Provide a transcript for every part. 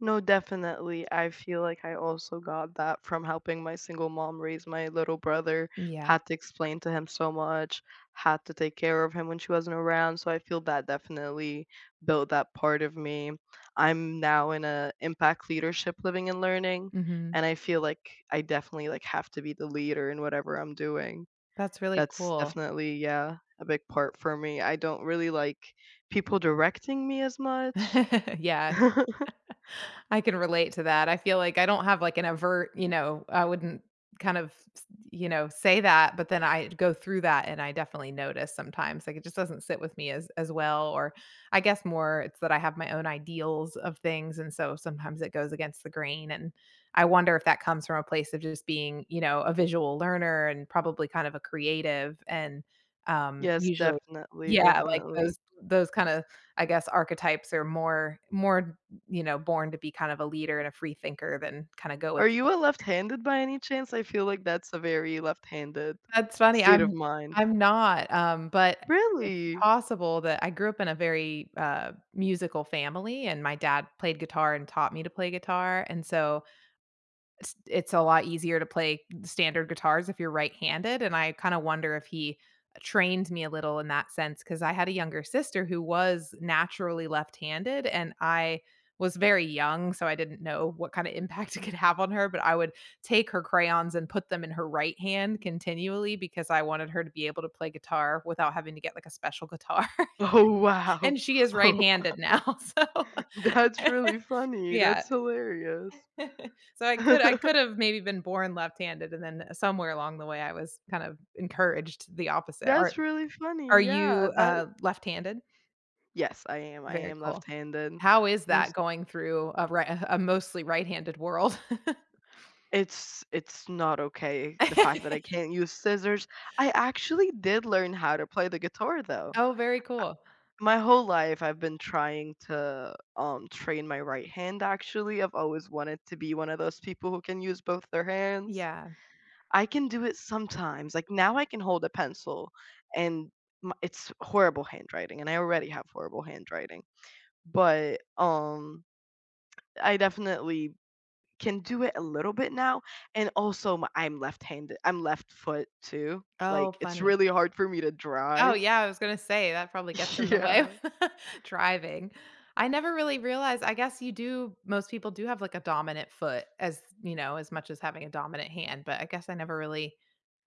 No, definitely, I feel like I also got that from helping my single mom raise my little brother Yeah. had to explain to him so much, had to take care of him when she wasn't around, so I feel that definitely built that part of me. I'm now in a impact leadership living and learning, Mhm. and I feel like, I definitely, like, have to be the leader in whatever I'm doing. That's really That's cool. definitely yeah, a big part for me. I don't really like people directing me as much. Yeah. I can relate to that. I feel like I don't have, like, an overt, you know, I wouldn't kind of, s you know, say that, but then I d go through that, and I definitely notice sometimes, like, it just doesn't sit with me as as well or I guess more it's that I have my own ideals of things, and so, sometimes it goes against the grain, and I wonder if that comes from a place of just being, you know, a visual learner and probably kind of a creative and, um, Yes, usually definitely, yeah, like, definitely. those those kinda, I guess, archetypes are more more, b you know, born to be kind of a leader and a free thinker than kinda go with Are you a left-handed by any chance? I feel like that's a very left-handed That's funny, state I'm of mind. I'm not, um, but, eh, it's Really? possible that I grew up in a very, uh, musical family, and my dad played guitar and taught me to play guitar, and so it's it's a lot easier to play standard guitars if you're right-handed, and I kinda wonder if he, eh, trained me a little in that sense 'cause I had a younger sister who was naturally left-handed, and I was very young, so I didn't know what kinda impact it could have on her, but I would take her crayons and put them in her right hand continually because I wanted her to be able to play guitar without having to get, like, a special guitar, Oh, wow. and she is Oh, wow. right-handed now, so That’s really funny, yeah. that's hilarious. So I could I could've maybe been born left-handed, and then, eh, somewhere along the way, I was kind of encouraged the opposite. Are That's really are funny, yeah, you, that uh left-handed? Yes, I am, I Very am cool. left-handed, How is and that s going through a right a ha a mostly right handed world? It's it's not okay, the fact that I can't use scissors I actually did learn how to play the guitar, though, Oh, very cool. I my whole life, I've been trying to, um, train my right hand, actually, I've always wanted to be one of those people who can use both their hands. Yeah. I can do it sometimes, like, now I can hold a pencil, and my it's horrible handwriting, and I already have horrible handwriting, but, um, I definitely, can do it a little bit now, and also, I'm left hande I'm left foot too, Oh, like, it's funny. really hard for me to Oh, drive. yeah, I was gonna say that probably gets in the way of Yeah. driving. I never really realized I guess you do most people do have, like, a dominant foot as, you know, as much as having a dominant hand, but I guess I never really,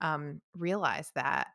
um, realized that.